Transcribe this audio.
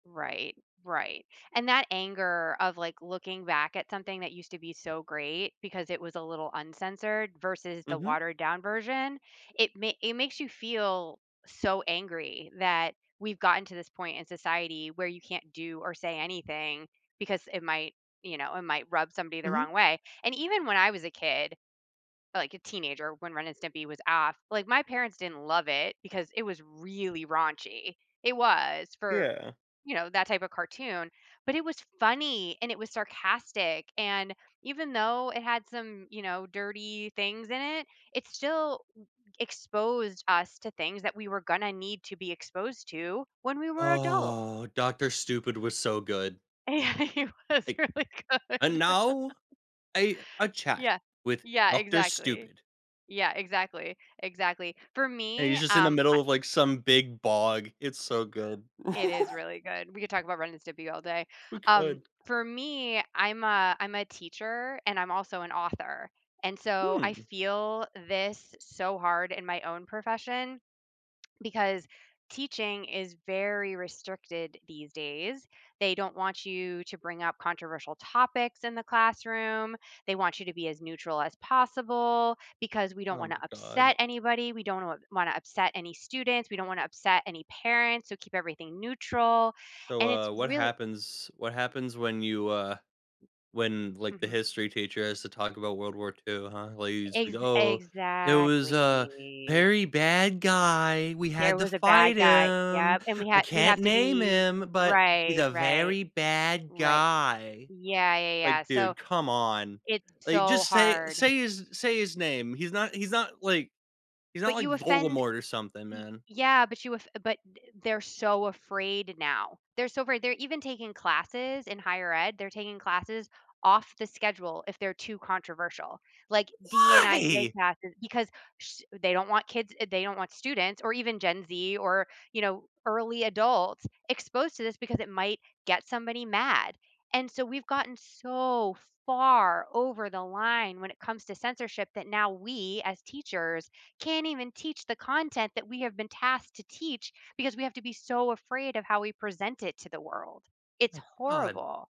Right, right, and that anger of, like, looking back at something that used to be so great because it was a little uncensored versus the Mhm. watered down version, it ma it makes you feel so angry that we've gotten to this point in society where you can't do or say anything because it might you know, it might rub somebody the Mhm. wrong way, and even when I was a kid, like, a teenager when Ren and Stimpy was off, like, my parents didn't love it because it was really raunchy. It was for, Yeah. you know, that type of cartoon, but it was funny, and it was sarcastic and, even though it had some, you know, dirty things in it, it still e exposed us to things that we were gonna need to be exposed to when we were adult. Oh, Doctor Stupid was so good. Yeah, it was Like really "And good. now a a chat Yeah. with Yeah, Doctor exactly. Stupid." Yeah, exactly, exactly, for And he's me, just in the um, middle I of, like, some big bog, it's so good. It is really good, we could talk about Ren and Stimpy all day, We um, could. for me, I'm a I'm a teacher and I'm also an author and, so, I Hmm. feel this so hard in my own profession because teaching is very restricted these days. They don't want you to bring up controversial topics in the classroom, they want you to be as neutral as possible because we don't Oh, wanna my god. upset anybody, we don't wanna wanna upset any students, we don't wanna upset any parents, so, keep everything neutral, So, and it's uh, what really happens what happens when you, uh, when, like, the Mhm. history teacher has to talk about World War II, huh, like, you just Ex "Oh, it was a exactly. very bad guy, we There had to was a bad fight guy, him, yep, and we I had we can't have to name be him, but he's right. a Right. very bad Right guy," Yeah, yeah, like, yeah, so, dude, come on, it's like, so just say hard. say his say his name, he's not he's not like, he's not, But like, you offend Voldemort or something, y man. yeah, but you off but th they're so afraid now, they're so afraid, they're even taking classes in higher ed, they're taking classes off the schedule if they're too controversial, like DNIJ Why? classes because sh they don't want kids eh they don't want students or even Gen Z or, you know, early adults exposed to this because it might get somebody mad, and, so, we've gotten so far over the line when it comes to censorship that now, we, as teachers, can't even teach the content that we have been tasked to teach because we have to be so afraid of how we present it to the world. It's My god. horrible.